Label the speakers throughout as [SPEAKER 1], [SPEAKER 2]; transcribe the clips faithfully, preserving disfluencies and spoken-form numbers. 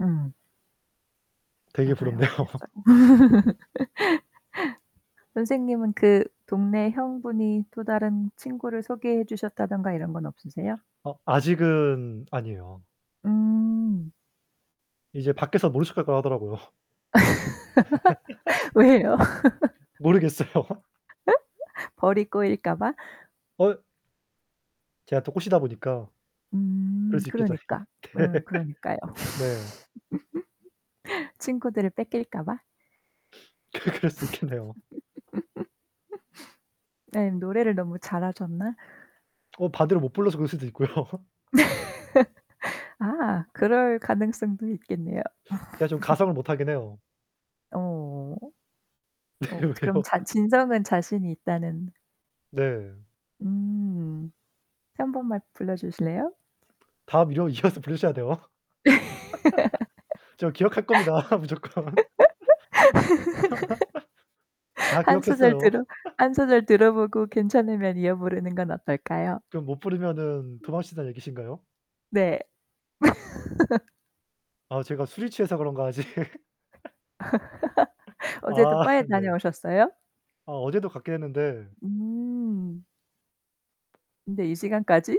[SPEAKER 1] 음.
[SPEAKER 2] 되게
[SPEAKER 1] 맞아요.
[SPEAKER 2] 부럽네요.
[SPEAKER 1] 그랬어요. 선생님은 그 동네 형 분이 또 다른 친구를 소개해 주셨다든가 이런 건 없으세요?
[SPEAKER 2] 어 아직은 아니에요.
[SPEAKER 1] 음.
[SPEAKER 2] 이제 밖에서 모른 척할 거라고 하더라고요.
[SPEAKER 1] 왜요?
[SPEAKER 2] 모르겠어요.
[SPEAKER 1] 벌이 꼬일까 봐?
[SPEAKER 2] 어 제가 또 꼬시다 보니까 그럴
[SPEAKER 1] 음.
[SPEAKER 2] 수 있겠죠.
[SPEAKER 1] 그러니까. 으 그러니까요.
[SPEAKER 2] 네.
[SPEAKER 1] 친구들을 뺏길까 봐?
[SPEAKER 2] 그 그럴 수 있겠네요.
[SPEAKER 1] 네. 노래를 너무 잘하셨나?
[SPEAKER 2] 어 반대로 못 불러서 그럴 수도 있고요.
[SPEAKER 1] 아 그럴 가능성도 있겠네요.
[SPEAKER 2] 제가 좀 가성을 못하긴 해요.
[SPEAKER 1] 어. 어 그럼
[SPEAKER 2] 왜요?
[SPEAKER 1] 잔 진성은 자신이 있다는
[SPEAKER 2] 네.
[SPEAKER 1] 음. 한 번만 불러 주실래요?
[SPEAKER 2] 다음 이어 이어서 부르셔야 돼요. 저 기억할 겁니다. 무조건. 다
[SPEAKER 1] 한 소절
[SPEAKER 2] 기억했어요.
[SPEAKER 1] 들어 한 소절 들어 보고 괜찮으면 이어 부르는 건 어떨까요?
[SPEAKER 2] 그럼 못 부르면은
[SPEAKER 1] 음.
[SPEAKER 2] 도망친단 얘기신가요?
[SPEAKER 1] 네.
[SPEAKER 2] 아 제가 술이 취해서 그런가 아직.
[SPEAKER 1] 어제도
[SPEAKER 2] 아
[SPEAKER 1] 바에
[SPEAKER 2] 네.
[SPEAKER 1] 다녀오셨어요?
[SPEAKER 2] 아 어제도 갔긴 했는데
[SPEAKER 1] 음. 근데 이 시간까지?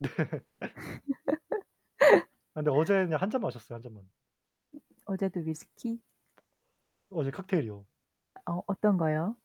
[SPEAKER 2] 네. 아 근데 어제는 그냥 한 잔 마셨어요. 한 잔만.
[SPEAKER 1] 어제도 위스키?
[SPEAKER 2] 어제 칵테일이요.
[SPEAKER 1] 어 어떤 거요?